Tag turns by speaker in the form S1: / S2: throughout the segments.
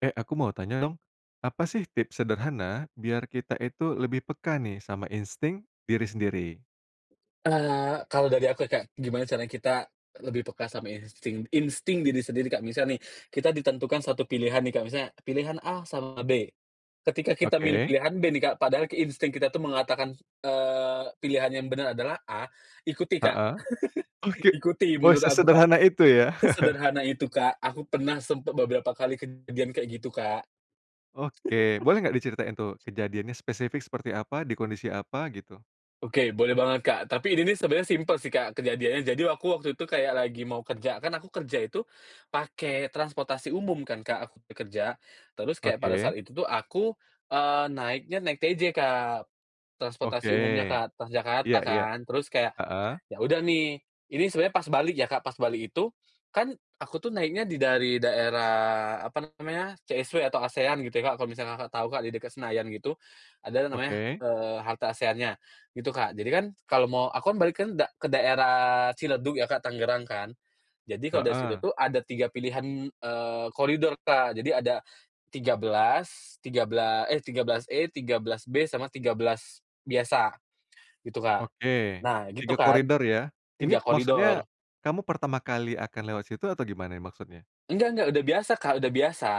S1: E aku mau tanya dong, apa sih tips sederhana, biar kita itu lebih peka nih, sama insting diri sendiri?
S2: Eee, kalau dari aku ya, Kak, gimana caranya kita lebih peka sama insting insting diri sendiri, Kak. Misal nih kita ditentukan satu pilihan nih, Kak. Misalnya, pilihan A sama B. Ketika kita milih
S1: Oke.
S2: pilihan B nih, Kak, padahal ki insting kita tuh mengatakan, eee, pilihan yang benar adalah A, ikuti Kak.
S1: Heeh. Oke
S2: Ikuti,
S1: wah,
S2: menurut aku Kak.
S1: sesederhana itu ya?
S2: Sesederhana itu, Kak. Aku pernah sempat beberapa kali kejadian kayak gitu, Kak.
S1: Oke. Boleh nggak diceritain tuh, kejadiannya spesifik seperti apa? Di kondisi apa, gitu?
S2: Oke, boleh banget, Kak. Tapi ini nih sebenarnya simpel sih, Kak, kejadiannya. Jadi aku waktu itu aku kayak lagi mau kerja. Kan aku kerja itu, pakai transportasi umum kan Kak, aku bekerja. Terus kayak pada
S1: Oke.
S2: saat itu tuh aku, eee, naiknya naik TJ, Kak.
S1: Oke.
S2: Transportasi umumnya, Kak, Transjakarta
S1: Iya iya.
S2: kan. Terus kayak,
S1: Heeh.
S2: ya udah nih ini sebenarnya pas balik ya, Kak. Pas balik itu, kan aku tuh naiknya di dari daerah, apa namanya, CSW atau ASEAN gitu ya Kak, kalau misalnya Kakak tau, Kak, di dekat Senayan gitu. Ada yang namanya,
S1: Oke.
S2: eee, halte ASEAN-nya. Gitu, Kak. Jadi kan kalau mau aku kan balik kan da ke daerah Ciledug ya, Kak, Tangerang kan. Jadi kalau dari situ
S1: Heeh.
S2: tuh, ada 3 pilihan, eee, koridor, Kak, jadi ada 13, tigabela eh, 13E, 13B, sama 13 biasa gitu, Kak.
S1: Oke,
S2: Nah, gitu
S1: 3
S2: kan,
S1: koridor ya. Ini
S2: 3
S1: maksudnya,
S2: koridor.
S1: kamu pertama kali akan lewat situ atau gimana nih maksudnya?
S2: Enggak enggak, udah biasa, Kak, udah biasa.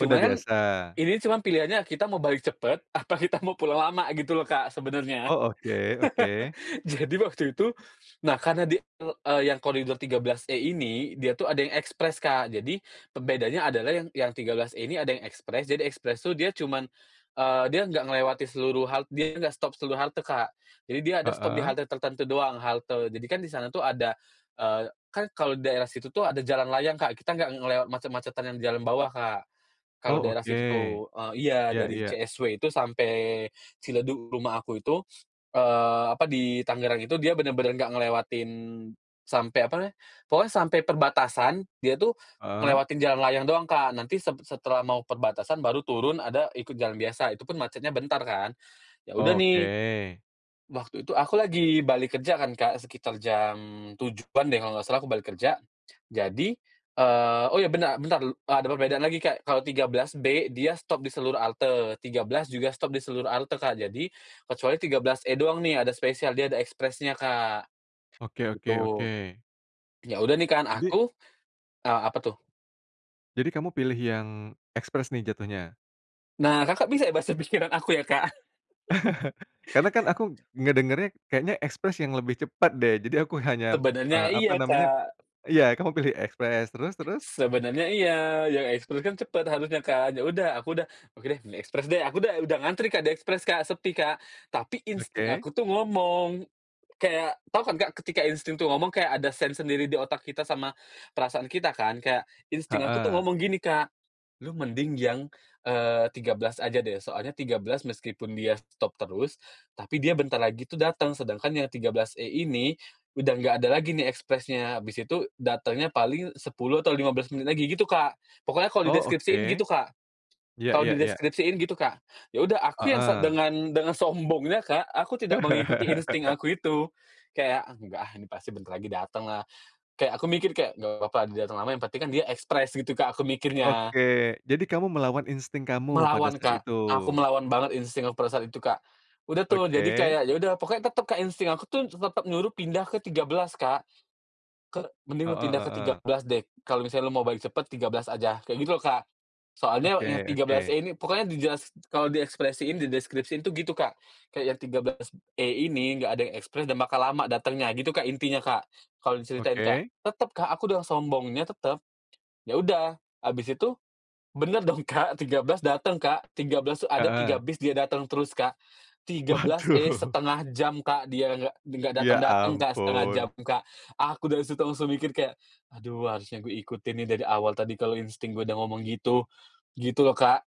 S1: Oh, dah biasa.
S2: ini cuman pilihannya kita mau balik cepat apa kita mau pulang lama gitu loh, Kak, sebenarnya.
S1: Oh, oke, oke.
S2: Jadi waktu itu nah, karena di eee eee, yang koridor 13E ini, dia tuh ada yang ekspres, Kak. Jadi pembedanya adalah yang yang 13E ini ada yang ekspres. Jadi ekspres tuh dia cuman eee, dia nggak ngelewatin seluruh hal dia nggak stop seluruh halte, Kak. Jadi dia ada stop di
S1: Heeh.
S2: halte tertentu doang, halte jadi kan di sana tuh ada eee, kan kalau di daerah situ tuh ada jalan layang, Kak, kita nggak ngelewat macet-macetan yang di jalan bawah, Kak, kalau
S1: Oh,
S2: daerah
S1: oke.
S2: situ tuh. Eee, iya,
S1: Iya
S2: dari
S1: iya.
S2: CSW itu sampai Ciledug rumah aku itu, eee, apa, di Tangerang itu, dia benar-benar nggak ngelewatin sampai, apa namanya pokoknya sampai perbatasan, dia tuh
S1: Heeh.
S2: ngelewatin jalan layang doang, Kak, nanti sep setelah mau perbatasan, baru turun ada ikut jalan biasa, itu pun macetnya bentar kan. Ya udah
S1: Oh,
S2: nih,
S1: oke.
S2: waktu itu aku lagi balik kerja kan, Kak, sekitar jam 7.00-an deh kalo nggak salah aku balik kerja. Jadi eee, oh, iya bena bentar du ada perbedaan lagi, Kak, kalau 13B dia stop di seluruh halte, 13 juga stop di seluruh halte, Kak. Jadi, kecuali 13E doang nih ada spesial dia ada ekspresnya, Kak,
S1: Oke oke
S2: gitu.
S1: oke.
S2: Ya udah nih kan
S1: Jadi
S2: aku eee, apa tuh?
S1: Jadi kamu pilih yang ekspres nih, jatuhnya?
S2: Nah, Kakak bisa ya basa pikiran aku ya, Kak?
S1: Karena kan aku ngedengernya, kayaknya ekspres yang lebih cepat deh. Jadi aku hanya,
S2: Sebenarnya
S1: eee, apa
S2: iya,
S1: namanya
S2: Kak.
S1: iya, kamu pilih ekspres. Terus terus?
S2: Sebenarnya iya. Yang ekspres kan cepat harusnya kan. Ya udah aku udah, "Oke deh, pilih ekspres deh." Aku udah udah ngantri, Kak, di ekspres, Kak, sepi, Kak. Tapi insting
S1: Oke.
S2: aku tuh ngomong, kayak tau kan, Kak, ketika insting tuh ngomong kayak ada sense sendiri di otak kita sama, perasaan kita kan. Kayak insting aku tuh
S1: Heeh.
S2: ngomong gini, Kak, "Lu mending yang, eee, 13 aja deh, soalnya 13 meskipun dia stop terus, tapi dia bentar lagi tuh datang, sedangkan yang 13E ini udah nggak ada lagi nih ekspresnya, habis itu datangnya paling 10 atau 15 menit lagi," gitu, Kak. Pokoknya kalau
S1: Oh,
S2: dideskripsiin
S1: oke.
S2: gitu, Kak
S1: Ya
S2: kalau
S1: ya ya.
S2: dideskripsiin gitu, Kak. Ya udah aku yang se
S1: Heeh.
S2: dengan dengan sombongnya, Kak, aku tidak mengikuti insting aku itu. Kayak, "Ah, enggak ah, ini pasti bentar lagi datenglah." Kayak aku mikir kayak, "Nggak papa dia dateng lama, yang penting kan dia ekspres," gitu Kak, aku mikirnya.
S1: Oke, jadi kamu melawan insting kamu, pada
S2: Melawan,
S1: saat
S2: Kak.
S1: itu.
S2: Aku melawan banget insting aku pada saat itu, Kak. Udah tuh jadi
S1: Oke.
S2: kayak, ya udah, pokoknya tetap Kak, insting aku tuh tetap nyuruh pindah ke 13, Kak. Ke "Mending lu
S1: Heeh
S2: pindah ke tiga
S1: heeh.
S2: belas deh, kalo misalnya lu mau balik cepet, 13 aja," kayak gitu loh, Kak. Soalnya yang
S1: Oke
S2: tiga belas
S1: oke.
S2: E ini pokoknya dijelasi kalau diekspresiin, dideskripsiin itu gitu, Kak. Kayak yang 13E ini enggak ada yang ekspres dan bakal lama datangnya gitu Kak, intinya, Kak. Kalau diceritain, Kak.
S1: Oke.
S2: Tetap, Kak. Aku dengan sombongnya, tetap. Ya udah habis itu, benar dong, Kak, 13 dateng, Kak, 13 tuh ada 3
S1: Heeh.
S2: bis dia dateng terus, Kak. Tiga belas E,
S1: Waduh.
S2: 1/2 jam, Kak, dia nggak nggak
S1: Ya
S2: dateng-dateng, Kak, 1/2 jam,
S1: ampun.
S2: Kak. Aku dari situ langsung mikir kayak, "Aduh harusnya gue ikutin nih dari awal tadi, kalau insting gue udah ngomong gitu," gitu loh, Kak.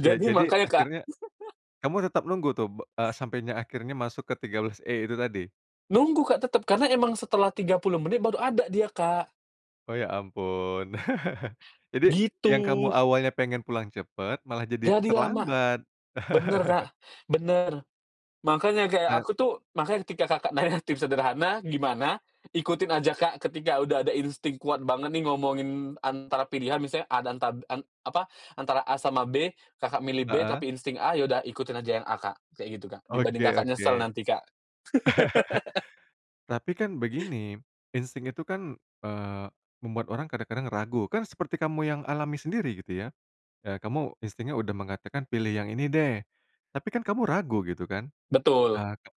S1: Ya, jadi
S2: makanya, Kak.
S1: akhirnya kamu tetap nunggu tuh, be eee, sampainya akhirnya masuk ke 13E itu tadi?
S2: Nunggu, Kak, tetap. Karena emang setelah 30 menit baru ada dia, Kak.
S1: Oh, ya ampun. Jadi, yang kamu
S2: Gitu.
S1: awalnya pengen pulang cepat, malah jadi
S2: Jadi lama!
S1: terlambat.
S2: Benar, Kak, benar. Makanya kayak
S1: Eee
S2: aku tuh makanya ketika Kakak nanya tips sederhana, gimana? Ikutin aja, Kak, ketika udah ada insting kuat banget nih, ngomongin antara pilihan, misalnya A dan tab en apa, antara A sama B, Kakak milih B
S1: Heeh.
S2: tapi insting A, ya udah ikutin aja yang A, Kak. Kayak gitu, Kak. Dibanding
S1: Oke
S2: Kakak
S1: oke.
S2: nyesel nanti, Kak.
S1: Tapi kan begini, insting itu kan, eee, membuat orang kadang-kadang ragu. Kan seperti kamu yang alami sendiri, gitu ya. Eee, kamu instingnya udah mengatakan, "Pilih yang ini deh." Tapi kan kamu ragu gitu kan?
S2: Betul.
S1: Eee, ke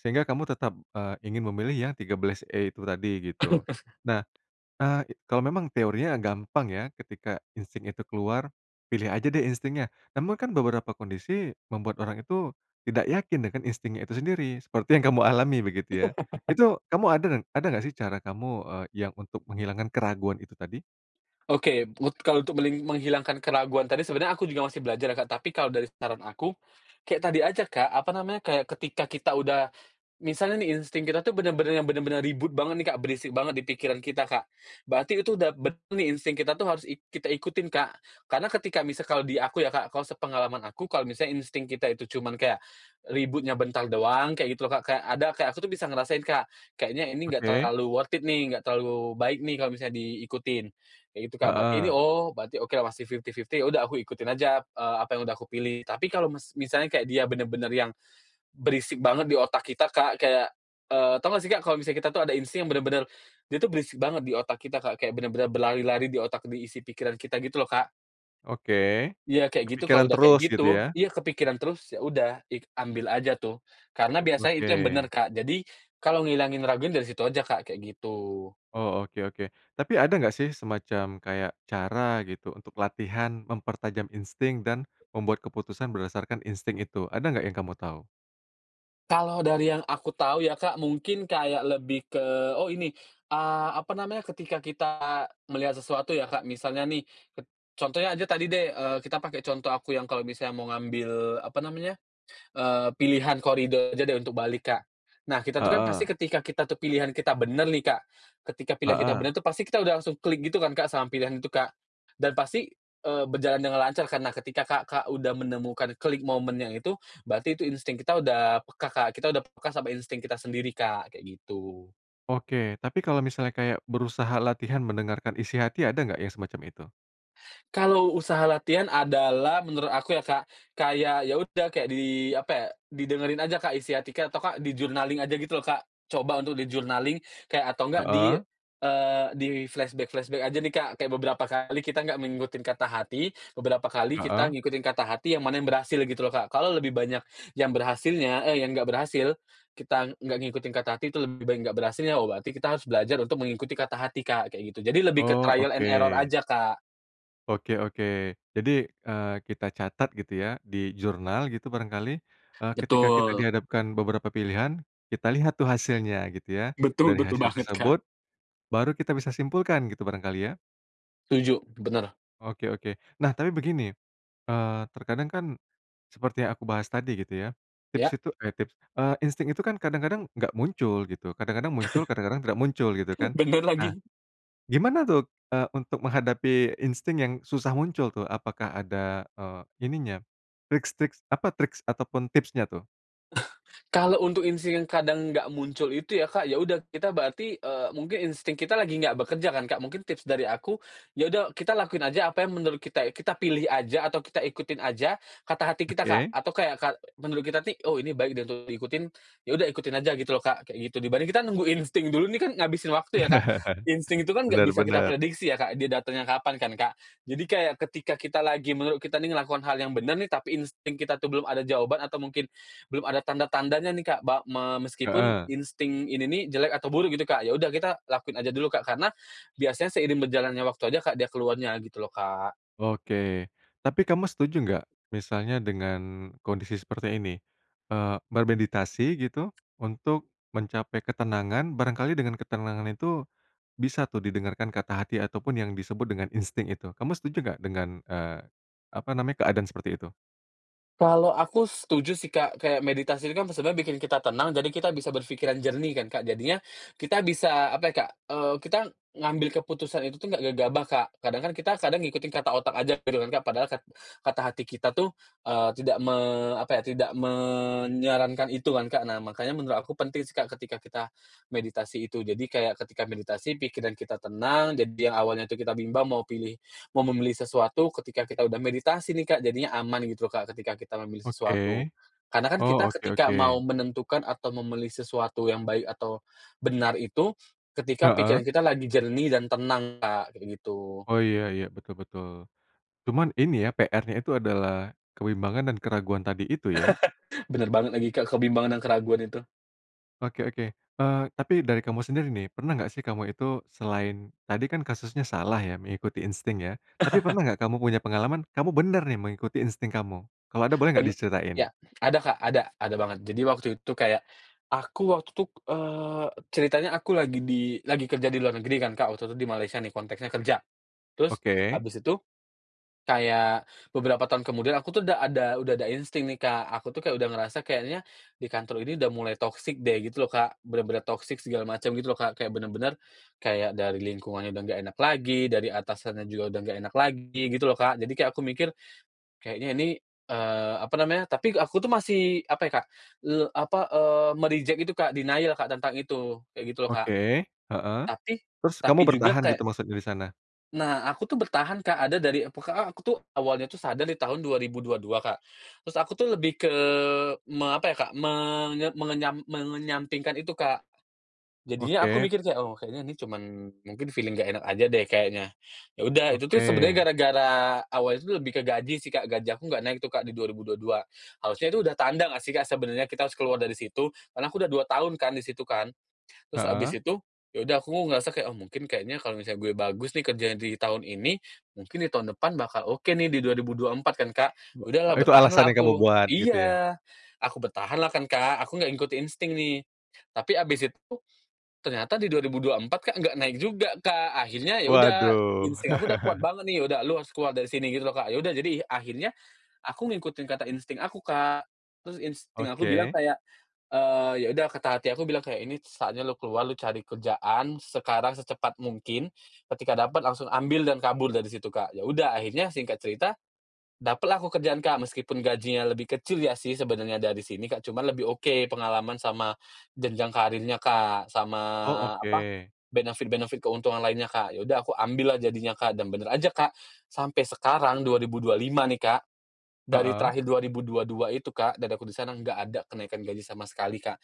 S1: sehingga kamu tetap, eee, ingin memilih yang 13E itu tadi, gitu. Nah, eee, kalau memang teorinya gampang ya, ketika insting itu keluar, pilih aja deh instingnya. Namun kan beberapa kondisi, membuat orang itu tidak yakin dengan instingnya itu sendiri, seperti yang kamu alami, begitu ya. Itu kamu ada dan ada nggak sih? Cara kamu, eee, yang untuk menghilangkan keraguan itu tadi?
S2: Oke, mut kalau untuk meling menghilangkan keraguan tadi sebenarnya aku juga masih belajar ya, Kak. Tapi kalau dari saran aku, kayak tadi aja, Kak, apa namanya, kayak ketika kita udah misalnya nih, insting kita tuh benar-benar yang benar-benar ribut banget nih, Kak, berisik banget di pikiran kita, Kak. Berarti itu udah benar nih insting kita tuh harus ik kita ikutin, Kak. Karena ketika misal kalau di aku ya, Kak, kalau sepengalaman aku kalau misalnya insting kita itu cuman kayak, ributnya bentar doang, kayak gitu loh, Kak. Kayak ada kayak aku tuh bisa ngerasain, Kak. "Kayaknya ini nggak
S1: Oke.
S2: terlalu worth it nih, nggak terlalu baik nih, kalau misalnya diikutin," kayak gitu, Kak. Berarti ini,
S1: Heeh.
S2: "Oh, berarti okelah masih fifty-fifty," ya udah aku ikutin aja, eee, apa yang udah aku pilih. Tapi kalau mes misalnya kayak dia benar-benar yang berisik banget di otak kita, Kak. Kayak, eee, tau nggak sih, Kak? Kalau misalnya kita tuh ada insting yang benar-benar, dia tuh berisik banget di otak kita, Kak. Kayak benar-benar berlari-lari di otak, di isi pikiran kita gitu loh, Kak.
S1: Oke.
S2: Iya kayak gitu kalau
S1: Kepikiran
S2: udah kayak
S1: terus,
S2: gitu.
S1: gitu ya?
S2: Iya kepikiran terus ya udah ik ambil aja tuh. Karena biasanya itu yang benar,
S1: Oke.
S2: Kak. Jadi, kalau ngilangin ragunya dari situ aja, Kak. Kayak gitu.
S1: Oh, oke oke. Tapi ada nggak sih? Semacam kayak cara gitu, untuk latihan mempertajam insting, dan membuat keputusan berdasarkan insting itu. Ada nggak yang kamu tahu?
S2: Kalau dari yang aku tahu ya, Kak, mungkin kayak lebih ke oh ini, ah, apa namanya, ketika kita melihat sesuatu ya, Kak. Misalnya nih ket contohnya aja tadi deh, eee, kita pakai contoh aku yang kalau misalnya mau ngambil, apa namanya, eee, pilihan koridor aja deh untuk balik, Kak. Nah, kita itu kan
S1: Heeh.
S2: pasti ketika kita itu pilihan kita bener nih, Kak, ketika pilihan kita
S1: Heeh.
S2: bener itu pasti kita udah langsung klik gitu kan, Kak, sama pilihan itu, Kak. Dan pasti, eee, berjalan dengan lancar karena ketika Kakak udah menemukan klik momen yang itu, berarti itu insting kita udah peka, Kak. Kita udah peka sama insting kita sendiri, Kak, kayak gitu.
S1: Oke. Tapi kalau misalnya kayak berusaha latihan mendengarkan isi hati ada nggak yang semacam itu?
S2: Kalau usaha latihan adalah menurut aku ya, Kak, kayak ya udah kayak di, apa ya, didengerin aja, Kak, isi hati Kak atau Kak di-journaling aja gitu loh, Kak. Coba untuk di-journaling kayak atau nggak di,
S1: Heeh.
S2: eee, di-flashback-flashback aja nih, Kak. Kayak beberapa kali kita nggak mengikutin kata hati, beberapa kali kita
S1: Heeh.
S2: ngikutin kata hati yang mana yang berhasil gitu loh, Kak. Kalau lebih banyak yang berhasilnya eh, yang nggak berhasil, kita ng nggak ngikutin kata hati itu lebih baik nggak berhasilnya. Oh berarti kita harus belajar untuk mengikuti kata hati, Kak, kayak gitu. Jadi lebih ke
S1: Oh,
S2: trial and error
S1: oke.
S2: aja, Kak.
S1: Oke oke. Jadi, eee, kita catat gitu ya di jurnal gitu barangkali, eee, ketika kita
S2: Betul.
S1: dihadapkan beberapa pilihan, kita lihat tuh hasilnya gitu ya.
S2: Betul
S1: Dari
S2: betul
S1: hasil
S2: banget, Kak.
S1: tersebut baru kita bisa simpulkan, gitu barangkali ya?
S2: Setuju, bener.
S1: Oke oke. Nah, tapi begini, eee, terkadang kan seperti yang aku bahas tadi gitu ya, tips
S2: Iya.
S1: itu eh, tips, eee, insting itu kan, kadang-kadang nggak muncul gitu. Kadang-kadang muncul, kadang-kadang tidak muncul, gitu
S2: Uh,
S1: kan.
S2: bener
S1: Nah,
S2: lagi.
S1: gimana tuh, eee, untuk menghadapi insting yang susah muncul tuh? Apakah ada, eee, ininya, tricks-tricks apa, tricks ataupun tipsnya tuh?
S2: Kalau untuk insting yang kadang nggak muncul itu ya Kak, ya udah, kita berarti, eee, mungkin insting kita lagi nggak bekerja kan, Kak. Mungkin tips dari aku, ya udah, kita lakuin aja apa yang menurut kita it kita pilih aja atau kita ikutin aja kata hati kita, Kak.
S1: Oke.
S2: Atau kayak ka menurut kita nih, "Oh, ini baik deh untuk diikutin," ya udah ikutin aja gitu loh Kak, kayak gitu. Dibanding kita nunggu insting dulu nih, kan ngabisin waktu ya Kak. Insting itu kan nggak
S1: Benar
S2: bisa kita
S1: benar.
S2: prediksi ya Kak, dia datengnya kapan kan, Kak. Jadi kayak, ketika kita lagi menurut kita nih ngelakukan hal yang bener nih tapi insting kita tuh belum ada jawaban atau mungkin belum ada tanda-tandanya nih, Kak. Ba me meskipun
S1: Heeh.
S2: insting ini nih jelek atau buruk gitu Kak, ya udah kita lakuin aja dulu Kak, karena biasanya seiring berjalannya waktu aja Kak dia keluarnya, gitu loh Kak.
S1: Oke, tapi kamu setuju nggak misalnya dengan kondisi seperti ini, eee, bermeditasi gitu untuk mencapai ketenangan? Barangkali dengan ketenangan itu, bisa tuh didengarkan kata hati ataupun yang disebut dengan insting itu. Kamu setuju gak dengan, eee, apa namanya, keadaan seperti itu?
S2: Kalau aku setuju sih Kak. Kayak, meditasi ini kan sebenarnya bikin kita tenang, jadi kita bisa berpikiran jernih kan, Kak. Jadinya kita bisa, apa ya Kak, eee, kita ngambil keputusan itu tuh nggak gegabah, Kak. Kadang kan kita kadang ngikutin kata otak aja gitu kan Kak, padahal kat kata hati kita tuh, eee, tidak me apa ya, tidak menyarankan itu kan, Kak. Nah, makanya menurut aku penting sih Kak, ketika kita meditasi itu. Jadi kayak, ketika meditasi pikiran kita tenang, jadi yang awalnya tuh kita bimbang mau pilih mau memilih sesuatu, ketika kita udah meditasi nih Kak, jadinya aman gitu loh Kak, ketika kita memilih
S1: Oke.
S2: sesuatu. Karena kan
S1: Oh,
S2: kita
S1: oke
S2: ketika
S1: oke.
S2: mau menentukan atau memilih sesuatu yang baik atau benar itu ketika
S1: Heeh.
S2: pikiran kita lagi jernih dan tenang, Kak. Kayak gitu.
S1: Oh, iya iya, betul betul. Cuman ini ya, PR-nya itu adalah kebimbangan dan keraguan tadi itu ya?
S2: Bener banget lagi Kak, kebimbangan dan keraguan itu.
S1: Oke oke. Eee, tapi dari kamu sendiri nih, pernah nggak sih kamu itu selain tadi kan kasusnya salah ya mengikuti insting ya, tapi pernah nggak kamu punya pengalaman kamu bener nih mengikuti insting kamu? Kalau ada, boleh nggak
S2: Bene ya,
S1: diceritain?
S2: ada Kak, ada ada banget. Jadi waktu itu kayak, aku waktu itu k eee, ceritanya aku lagi di lagi kerja di luar negeri kan Kak, waktu itu di Malaysia nih, konteksnya kerja. Terus
S1: Oke.
S2: habis itu kayak beberapa tahun kemudian aku tuh udah ada udah ada insting nih Kak, aku tuh kayak udah ngerasa kayaknya di kantor ini udah mulai toxic deh, gitu loh Kak. Bener-bener toxic segala macem gitu loh Kak, kayak bener-bener kayak dari lingkungannya udah nggak enak lagi, dari atasannya juga udah nggak enak lagi, gitu loh Kak. Jadi kayak, aku mikir, kayaknya ini, eee, apa namanya tapi aku tuh masih apa ya Kak, le apa, eee, me-reject itu Kak, denial Kak, tentang itu, kayak gitu loh Kak.
S1: Oke, heeh,
S2: Tapi
S1: terus kamu
S2: tapi juga
S1: bertahan
S2: kayak
S1: gitu maksudnya di sana?
S2: Nah, aku tuh bertahan Kak. Ada dari eee, pu ka a aku tuh awalnya tuh sadar di tahun 2022 Kak, terus aku tuh lebih ke me apa ya Kak, menye mengenyam mengenyampingkan itu, Kak. Jadinya aku
S1: Oke.
S2: mikir kayak, "Oh, kayanya ini cuman mungkin feeling nggak enak aja deh kayaknya." Ya udah, itu tuh sebenernya
S1: Oke.
S2: gara-gara awalnya tuh lebih ke gaji sih Kak, gaji aku gak naik tuh Kak, di 2022. Harusnya itu udah tanda nggak sih, Kak, sebenarnya kita harus keluar dari situ, karena aku udah 2 tahun kan di situ kan. Terus habis
S1: Heeh.
S2: itu ya udah aku ngerasa kayak, "Oh, mungkin kayaknya kalau misalnya gue bagus nih kerjaan di tahun ini, mungkin di tahun depan bakal oke nih di 2024," kan Kak.
S1: Be
S2: Udahlah,
S1: itu alasan
S2: bertahanlah
S1: yang kamu
S2: aku.
S1: buat, gitu ya?
S2: Iya, aku bertahanlah kan Kak, aku nggak ikut insting nih. Tapi abis itu tuh ternyata di 2024 Kak, nggak naik juga Kak. Akhirnya ya udah,
S1: Waduh.
S2: insting aku udah kuat banget nih, "Ya udah, lo harus keluar dari sini." Gitu loh, Kak. Ya udah, jadi akhirnya aku ngikutin kata insting aku, Kak. Terus insting aku bilang
S1: Oke.
S2: kayak, eee, ya udah, kata hati aku bilang kayak, "Ini saatnya lu keluar, lu cari kerjaan sekarang secepat mungkin, ketika dapat langsung ambil dan kabur dari situ," Kak. Ya udah, akhirnya singkat cerita dapatlah aku kerjaan Kak, meskipun gajinya lebih kecil ya sih sebenarnya dari sini Kak, cuma lebih oke pengalaman sama jenjang karirnya Kak, sama
S1: Oh,
S2: apa,
S1: oke.
S2: benefit benefit, keuntungan lainnya, Kak. Ya udah, aku ambil lah jadinya, Kak. Dan bener aja Kak, sampai sekarang, 2025 nih Kak, dari
S1: Heeh.
S2: terakhir 2022 itu Kak, dari aku di sana nggak ada kenaikan gaji sama sekali, Kak.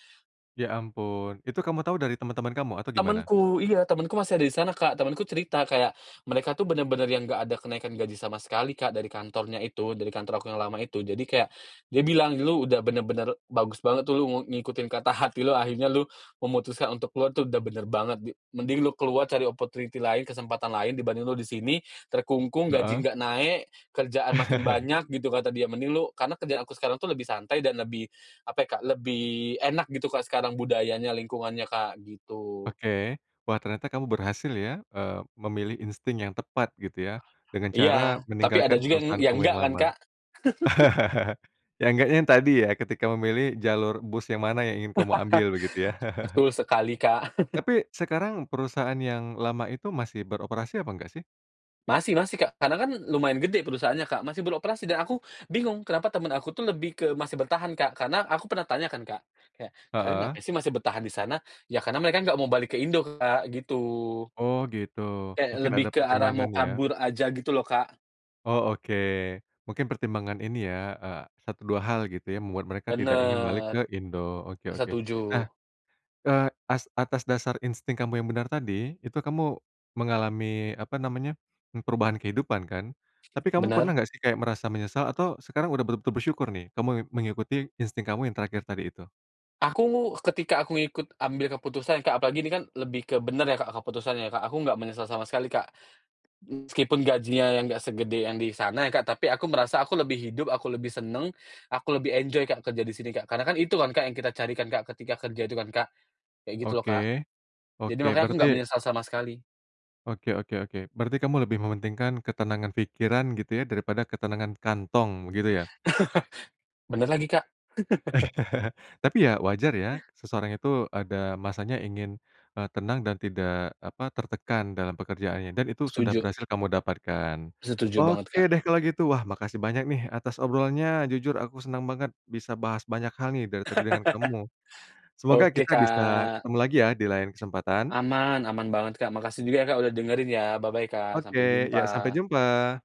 S1: Ya ampun. Itu kamu tahu dari teman-teman kamu? Atau gimana?
S2: Temenku iya, temenku masih ada di sana Kak. Temenku cerita kayak, mereka tuh bener-bener yang nggak ada kenaikan gaji sama sekali Kak, dari kantornya itu dari kantor aku yang lama itu. Jadi kayak, dia bilang, "Lu udah bener-bener bagus banget tuh, lu ngu ngikutin kata hati lu. Akhirnya lu memutuskan untuk keluar tuh udah bener banget di mending lu keluar cari opportunity lain, kesempatan lain dibanding lu di sini, terkungkung, gaji
S1: Heeh.
S2: nggak naik, kerjaan makin banyak," gitu kata dia, "mending lu" karena kerjaan aku sekarang tuh lebih santai dan lebih apa ya Kak, lebih enak gitu Kak sekarang, budayanya, lingkungannya Kak, gitu.
S1: Oke, wah ternyata kamu berhasil ya, eee, memilih insting yang tepat gitu ya, dengan cara
S2: Iya, tapi ada
S1: meninggalkan
S2: juga ng
S1: perusahaan
S2: yang
S1: kamu
S2: nggak
S1: yang
S2: kan,
S1: lama.
S2: Kak.
S1: Yang nggaknya yang tadi ya, ketika memilih jalur bus yang mana yang ingin kamu ambil begitu ya.
S2: Betul sekali, Kak.
S1: Tapi sekarang perusahaan yang lama itu masih beroperasi apa enggak sih?
S2: Masih masih, Kak. Karena kan lumayan gede perusahaannya, Kak, masih beroperasi. Dan aku bingung kenapa temen aku tuh lebih ke masih bertahan, Kak, karena aku pernah tanya kan, Kak, kayak, "Kalian
S1: Heeh.
S2: ngapain sih masih bertahan di sana?" Ya karena mereka nggak mau balik ke Indo, Kak, gitu.
S1: Oh gitu.
S2: Kayak
S1: Mungkin
S2: lebih
S1: ada
S2: ke arah mau
S1: pertimbangan ya?
S2: kabur aja gitu loh, Kak.
S1: Oh oke. Mungkin pertimbangan ini ya, eee, satu dua hal gitu ya, membuat mereka tidak ingin balik ke
S2: Bener.
S1: Indo. Oke oke.
S2: Setuju.
S1: Nah, eee, as atas dasar insting kamu yang benar tadi, itu kamu mengalami, apa namanya, m perubahan kehidupan kan? Tapi kamu pernah
S2: Bener.
S1: nggak sih kayak merasa menyesal atau sekarang udah bertu bersyukur nih, kamu me mengikuti insting kamu yang terakhir tadi itu?
S2: Aku, ketika aku ngikut ambil keputusan, Kak, apalagi ini kan lebih ke bener ya, Kak, keputusannya ya, Kak. Aku nggak menyesal sama sekali, Kak. M meskipun gajinya yang nggak segede yang di sana ya, Kak, tapi aku merasa aku lebih hidup, aku lebih seneng, aku lebih enjoy, Kak, kerja di sini, Kak. Karena kan itu kan, Kak, yang kita cari kan, Kak, ketika kerja itu kan, Kak? Kayak gitu loh, Kak.
S1: Oke.
S2: Jadi
S1: Oke,
S2: makanya aku
S1: berarti
S2: nggak menyesal sama sekali.
S1: Oke oke oke. Berarti kamu lebih mementingkan ketenangan pikiran gitu ya daripada ketenangan kantong, begitu ya?
S2: Bener lagi, Kak.
S1: Tapi ya wajar ya, seseorang itu ada masanya ingin, eee, tenang dan tidak, apa, tertekan dalam pekerjaannya. Dan itu sudah
S2: Setuju.
S1: berhasil kamu dapatkan.
S2: Setuju banget,
S1: Oke
S2: Kak.
S1: deh kalau gitu, wah makasih banyak nih atas obrolannya. Jujur aku senang banget bisa bahas banyak hal nih dari tadi dengan kamu. Semoga
S2: Oke,
S1: kita bisa
S2: Kak.
S1: ketemu lagi ya di lain kesempatan.
S2: Aman, aman banget, Kak. Makasih juga ya, Kak, udah dengerin ya. Bye-bye Kak, sampai
S1: Oke. Ya, sampai
S2: jumpa.
S1: jumpa.